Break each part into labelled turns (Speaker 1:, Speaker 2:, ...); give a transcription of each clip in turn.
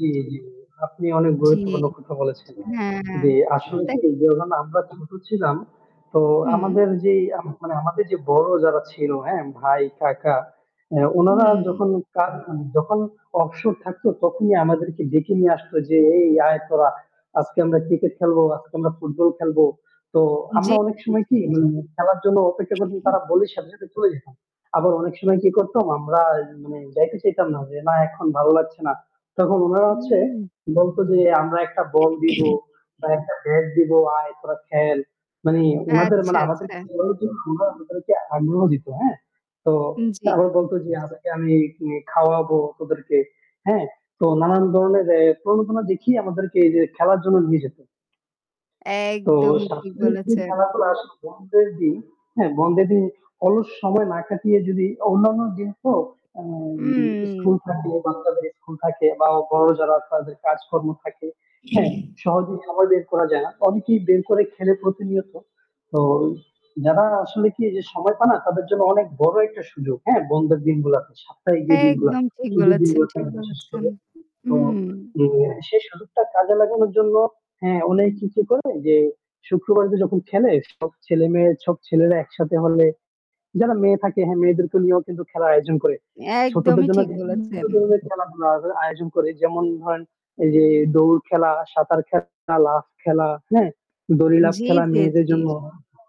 Speaker 1: জি, জি। আপনি অনেক
Speaker 2: জি।
Speaker 1: গুরুত্বপূর্ণ কথা বলেছেন।
Speaker 2: হ্যাঁ।
Speaker 1: যে আসলে
Speaker 2: তা
Speaker 1: কি যে আমরা ছোট ছিলাম তো
Speaker 2: হুম।
Speaker 1: আমাদের যে মানে, আমাদের যে বড় যারা ছিল, হ্যাঁ? ভাই, কাকা, অ্যা উনারা
Speaker 2: হুম।
Speaker 1: যখন কা যখন অবসর থাকতো তখনই আমাদেরকে ডেকে নিয়ে আসতো। যে, "এই আয় তোরা আজকে আমরা ক্রিকেট খেলবো, আজকে আমরা ফুটবল খেলবো।" তো আমরা
Speaker 2: জ্বি,
Speaker 1: অনেক
Speaker 2: জ্বি,
Speaker 1: সময়
Speaker 2: জি।
Speaker 1: কি উম খেলার জন্য অপেক্ষা করছি তারা বললে সাথে সাথে চলে যেতাম। আবার অনেক সময় কি করতাম আমরা মানে যাইতে চাইতাম না যে, "না এখন ভালো লাগছে না।" তখন উনারা
Speaker 2: আ
Speaker 1: হচ্ছে
Speaker 2: হু।
Speaker 1: বলত যে, "আমরা একটা বল দিবো, বা একটা ব্যাট দিবো, আয় তোরা খেল।" মানে ওনাদের
Speaker 2: আচ্ছা,
Speaker 1: মানে আমাদের
Speaker 2: আচ্ছা।
Speaker 1: খেলানোর জন্য উনারা আমাদেরকে আগ্রহ দিত, হ্যাঁ? তো আবার
Speaker 2: জি।
Speaker 1: বলত যে, "আজকে আমি নে খাওয়াবো তোদেরকে" হ্যাঁ? তো নানান ধরনের প্রণোদনা দেখিয়ে আমাদেরকে এইযে খেলার জন্য নিয়ে যেত। তো
Speaker 2: একদমই
Speaker 1: [unintelligible]
Speaker 2: ঠিক
Speaker 1: দিন
Speaker 2: বলেছেন।
Speaker 1: খেলাধুলা আসলে বন্ধের দিন, হ্যাঁ বন্ধের দিন অলস সময় না কাটিয়ে যদি অন্যান্য দিন তো আ
Speaker 2: উম
Speaker 1: স্কুল থাকে, বাচ্চাদের স্কুল থাকে বা বড় যারা তাদের কাজকর্ম থাকে, হ্যাঁ? সহজেই সময় বের করা যায় না। অনেকেই বের করে খেলে প্রতিনিয়ত। তো যারা আসলে কি যে সময় পায়না তাদের জন্য অনেক বড় একটা সুযোগ। হ্যাঁ? বন্ধের দিনগুলাতে। সাপ্তাহিক যে
Speaker 2: একদম
Speaker 1: দিনগুলাতে,
Speaker 2: ঠিক
Speaker 1: ছুটির
Speaker 2: বলেছেন,
Speaker 1: দিনগুলো
Speaker 2: ঠিক
Speaker 1: বিশেষ
Speaker 2: বলেছেন।
Speaker 1: করে। তো
Speaker 2: উম
Speaker 1: অ্যা সেই সুযোগটা কাজে লাগানোর জন্য, হ্যাঁ, অনেক কিছু করে যে শুক্রবার তো যখন খেলে সব ছেলে-মেয়ে, সব ছেলেরা একসাথে হলে যারা মেয়ে থাকে, হ্যাঁ মেয়েদেরকে নিয়েও কিন্তু খেলার আয়োজন করে। ছোটদের
Speaker 2: একদমই
Speaker 1: জন্য
Speaker 2: ঠিক
Speaker 1: বিভিন্ন
Speaker 2: বলেছেন।
Speaker 1: ধরনের খেলাধুলা আয় আয়োজন করে। যেমন ধরেন এই যে দৌড় খেলা, সাঁতার খেলা, লাফ খেলা, হ্যাঁ? দড়িলাপ
Speaker 2: জি,
Speaker 1: খেলা
Speaker 2: জি,
Speaker 1: মেয়েদের
Speaker 2: জি।
Speaker 1: জন্য।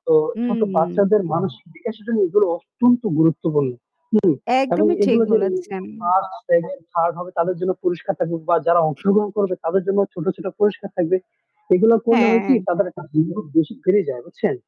Speaker 1: তো ছোট
Speaker 2: উম
Speaker 1: বাচ্চাদের মানসিক বিকাশের জন্য এগুলো অত্যন্ত গুরুত্বপূর্ণ। হুম? এবং
Speaker 2: একদমই ঠিক
Speaker 1: এগুলো যে
Speaker 2: বলেছেন।
Speaker 1: 1st, 2nd, 3rd হবে তাদের জন্য পুরষ্কার থাকবে বা যারা অংশগ্রহণ করবে তাদের জন্য ছোট, ছোট পুরষ্কার থাকবে। এগুলো করলে হয় কি
Speaker 2: হ্যাঁ।
Speaker 1: তাদের একটা [unintelligible] বেশি বেড়ে যায় বুঝছেন?